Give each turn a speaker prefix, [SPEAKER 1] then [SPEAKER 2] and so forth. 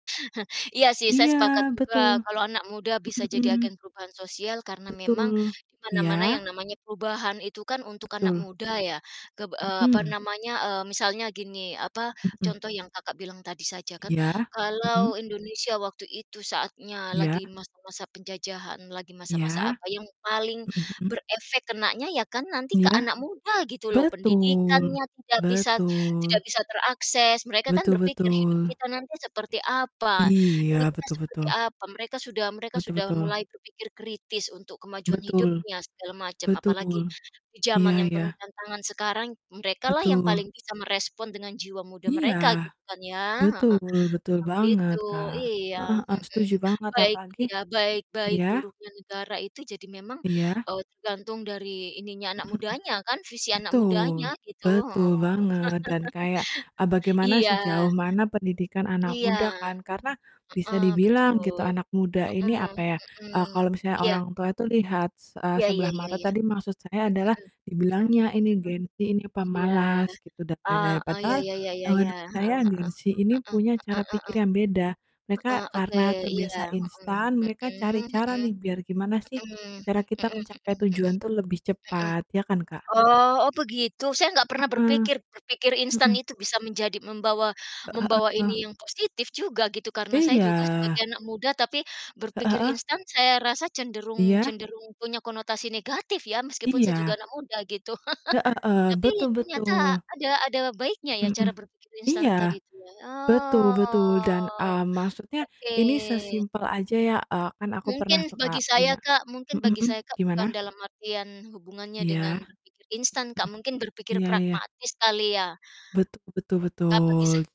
[SPEAKER 1] Iya sih, saya
[SPEAKER 2] Iya,
[SPEAKER 1] sepakat
[SPEAKER 2] betul.
[SPEAKER 1] juga kalau anak muda bisa
[SPEAKER 2] Mhm
[SPEAKER 1] jadi
[SPEAKER 2] mhm.
[SPEAKER 1] agen perubahan sosial karena memang
[SPEAKER 2] Betul.
[SPEAKER 1] di mana-mana yang
[SPEAKER 2] Iya.
[SPEAKER 1] namanya perubahan itu kan untuk anak
[SPEAKER 2] Betul.
[SPEAKER 1] muda ya, keb eee, apa
[SPEAKER 2] Mhm.
[SPEAKER 1] namanya, eee, misalnya gini, apa,
[SPEAKER 2] Mhm.
[SPEAKER 1] contoh yang Kakak bilang tadi saja kan.
[SPEAKER 2] Iya, mhm.
[SPEAKER 1] Kalau Indonesia waktu itu saatnya
[SPEAKER 2] Iya.
[SPEAKER 1] lagi masa-masa penjajahan, lagi masa-masa
[SPEAKER 2] Iya,
[SPEAKER 1] apa yang paling
[SPEAKER 2] mhm mhm.
[SPEAKER 1] berefek kenanya ya kan nanti ke
[SPEAKER 2] Iya?
[SPEAKER 1] anak muda gitu loh.
[SPEAKER 2] Betul,
[SPEAKER 1] Pendidikannya tidak bisa tidak
[SPEAKER 2] betul.
[SPEAKER 1] bisa terakses. Mereka kan
[SPEAKER 2] Betul
[SPEAKER 1] berpikir, hidup
[SPEAKER 2] betul.
[SPEAKER 1] kita nanti seperti apa? Ini
[SPEAKER 2] Iya,
[SPEAKER 1] kita
[SPEAKER 2] betul
[SPEAKER 1] seperti
[SPEAKER 2] betul.
[SPEAKER 1] apa? Mereka sudah mereka
[SPEAKER 2] Betul
[SPEAKER 1] sudah
[SPEAKER 2] betul.
[SPEAKER 1] mulai berpikir kritis untuk kemajuan
[SPEAKER 2] Betul.
[SPEAKER 1] hidupnya, segala macam, apalagi
[SPEAKER 2] Betul.
[SPEAKER 1] di
[SPEAKER 2] Iya
[SPEAKER 1] zaman yang penuh
[SPEAKER 2] iya.
[SPEAKER 1] tantangan sekarang, mereka lah yang
[SPEAKER 2] Betul.
[SPEAKER 1] paling bisa merespon dengan jiwa muda
[SPEAKER 2] Iya.
[SPEAKER 1] mereka gitu kan ya. Heeh,
[SPEAKER 2] betul, betul
[SPEAKER 1] emang
[SPEAKER 2] banget,
[SPEAKER 1] gitu.
[SPEAKER 2] Kak.
[SPEAKER 1] Iya.
[SPEAKER 2] Heeh heeh,
[SPEAKER 1] Mhm.
[SPEAKER 2] setuju banget
[SPEAKER 1] Baik
[SPEAKER 2] apalagi
[SPEAKER 1] iya. Baik baik
[SPEAKER 2] iya?
[SPEAKER 1] buruknya negara itu jadi memang,
[SPEAKER 2] Iya.
[SPEAKER 1] eee, tergantung dari ininya, anak
[SPEAKER 2] Mhm mhm.
[SPEAKER 1] mudanya kan, visi anak
[SPEAKER 2] Betul.
[SPEAKER 1] mudanya gitu,
[SPEAKER 2] Betul
[SPEAKER 1] heeh.
[SPEAKER 2] banget dan kayak, eee, bagaimana,
[SPEAKER 1] Iya.
[SPEAKER 2] sejauh mana pendidikan anak
[SPEAKER 1] Iya.
[SPEAKER 2] muda kan, karena bisa
[SPEAKER 1] Heeh.
[SPEAKER 2] dibilang
[SPEAKER 1] Betul,
[SPEAKER 2] gitu anak muda ini
[SPEAKER 1] mhm,
[SPEAKER 2] apa ya,
[SPEAKER 1] mhm,
[SPEAKER 2] eee, kalau misalnya
[SPEAKER 1] iya.
[SPEAKER 2] orang tua itu lihat se eee,
[SPEAKER 1] Iya iya
[SPEAKER 2] sebelah
[SPEAKER 1] iya
[SPEAKER 2] mata
[SPEAKER 1] iya.
[SPEAKER 2] tadi maksud saya
[SPEAKER 1] Mhm
[SPEAKER 2] adalah
[SPEAKER 1] mhm. Mhm, mhm.
[SPEAKER 2] dibilangnya ini Gen Z, ini
[SPEAKER 1] Iya.
[SPEAKER 2] pemalas gitu, dan lain-lain.
[SPEAKER 1] Heeh, iya
[SPEAKER 2] Padahal,
[SPEAKER 1] iya iya iya
[SPEAKER 2] eee,
[SPEAKER 1] iya.
[SPEAKER 2] menurut saya, Gen Z ini punya cara
[SPEAKER 1] Heeh
[SPEAKER 2] pikir
[SPEAKER 1] heeh
[SPEAKER 2] yang beda.
[SPEAKER 1] heeh
[SPEAKER 2] Mereka
[SPEAKER 1] heeh heeh. Heeh, oke,
[SPEAKER 2] karena
[SPEAKER 1] iya.
[SPEAKER 2] terbiasa
[SPEAKER 1] Mhm.
[SPEAKER 2] instan, mereka cari
[SPEAKER 1] Mhm
[SPEAKER 2] cara
[SPEAKER 1] mhm,
[SPEAKER 2] nih, biar gimana sih
[SPEAKER 1] mhm,
[SPEAKER 2] cara kita
[SPEAKER 1] mhm mhm
[SPEAKER 2] mencapai
[SPEAKER 1] -mhm,
[SPEAKER 2] tujuan tuh lebih
[SPEAKER 1] mhm.
[SPEAKER 2] cepat. Ya kan, Kak?
[SPEAKER 1] Oh oh, begitu. Saya gak pernah
[SPEAKER 2] Heeh.
[SPEAKER 1] berpikir berpikir instan
[SPEAKER 2] Mhm.
[SPEAKER 1] itu bisa menjadi membawa
[SPEAKER 2] Heeh
[SPEAKER 1] membawa
[SPEAKER 2] heeh.
[SPEAKER 1] ini yang positif juga, gitu, karena saya juga sebagai
[SPEAKER 2] Iya.
[SPEAKER 1] anak muda tapi
[SPEAKER 2] Heeh
[SPEAKER 1] berpikir
[SPEAKER 2] heeh.
[SPEAKER 1] instan saya rasa cenderung
[SPEAKER 2] Iya.
[SPEAKER 1] cenderung punya konotasi negatif ya. Meskipun saya juga
[SPEAKER 2] Iya.
[SPEAKER 1] anak muda gitu,
[SPEAKER 2] Heeh heeh.
[SPEAKER 1] tapi
[SPEAKER 2] Betul
[SPEAKER 1] ternyata
[SPEAKER 2] betul.
[SPEAKER 1] ada ada baiknya ya
[SPEAKER 2] Mhm mhm.
[SPEAKER 1] cara berpikir
[SPEAKER 2] Iya.
[SPEAKER 1] instan tadi itu ya?
[SPEAKER 2] Betul betul, dan,
[SPEAKER 1] Oh,
[SPEAKER 2] mmm, maksudnya,
[SPEAKER 1] oke.
[SPEAKER 2] ini sesimpel aja ya, eee, kan aku pernah
[SPEAKER 1] Mungkin
[SPEAKER 2] tuh,
[SPEAKER 1] bagi
[SPEAKER 2] Kak,
[SPEAKER 1] saya,
[SPEAKER 2] punya
[SPEAKER 1] Kak mungkin
[SPEAKER 2] mhm
[SPEAKER 1] bagi
[SPEAKER 2] mhm,
[SPEAKER 1] saya, Kak,
[SPEAKER 2] gimana?
[SPEAKER 1] bukan dalam artian hubungannya
[SPEAKER 2] Iya?
[SPEAKER 1] dengan berpikir instan, Kak. Mungkin
[SPEAKER 2] Mhm.
[SPEAKER 1] berpikir
[SPEAKER 2] Iya iya.
[SPEAKER 1] pragmatis kali, ya?
[SPEAKER 2] Betul betul
[SPEAKER 1] Nah, bagi sa
[SPEAKER 2] betul.